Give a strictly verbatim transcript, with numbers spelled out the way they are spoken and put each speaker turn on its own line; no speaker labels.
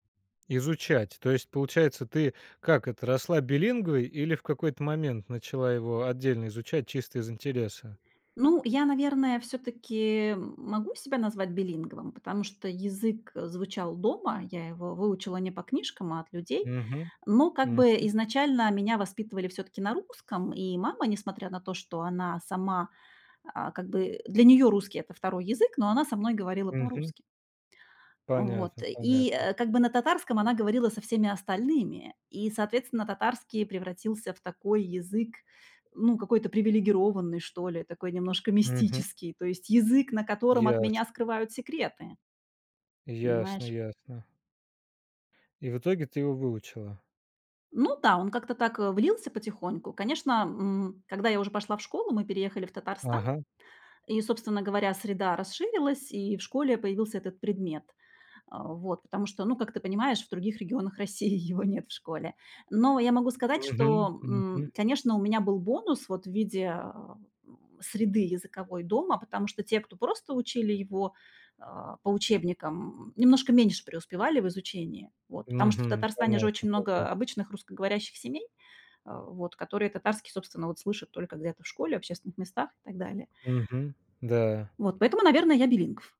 Изучать. То есть, получается, ты, как это, росла билингвой, или в какой-то момент начала его отдельно изучать чисто из интереса?
Ну я, наверное, всё-таки могу себя назвать билингвом, потому что язык звучал дома. Я его выучила не по книжкам, а от людей.
Мгм.
Но, как-бы,
Мгм.
изначально меня воспитывали всё-таки на русском, и мама, несмотря на то, что она сама, а, как бы, для неё русский- это второй язык, но она со мной говорила
Мгм.
по-русски. Э, вот,
Понятно
и,
понятно.
э, как бы, на татарском она говорила со всеми остальными, и, соответственно, татарский превратился в такой язык, ну, какой-то привилегированный, что ли, такой немножко
Мгм.
мистический, то есть язык, на котором от меня
Ясно.
скрывают секреты
Ясно
понимаешь?
ясно. И в итоге ты его выучила?
Ну да, он как-то так, э, влился потихоньку. Конечно, м, когда я уже пошла в школу, мы переехали в Татарстан,
Ага.
и, собственно говоря, среда расширилась, и в школе появился этот предмет, э, вот. Потому что, ну как ты понимаешь, в других регионах России его нет в школе. Но я могу сказать, что,
Мгм.
м,
Мгм.
конечно, у меня был бонус вот в виде, э, м, среды языковой дома, потому что те, кто просто учили его, э, по учебникам, м, немножко меньше преуспевали в изучении. Вот. Потому что в
Мгм.
Татарстане же
Понятно
очень много, э,
понятно.
обычных русскоговорящих семей, э, вот, которые татарский, собственно, вот слышат только где-то в школе, в общественных местах и так далее.
Мгм. Да.
Вот. Поэтому, наверно, я билингв.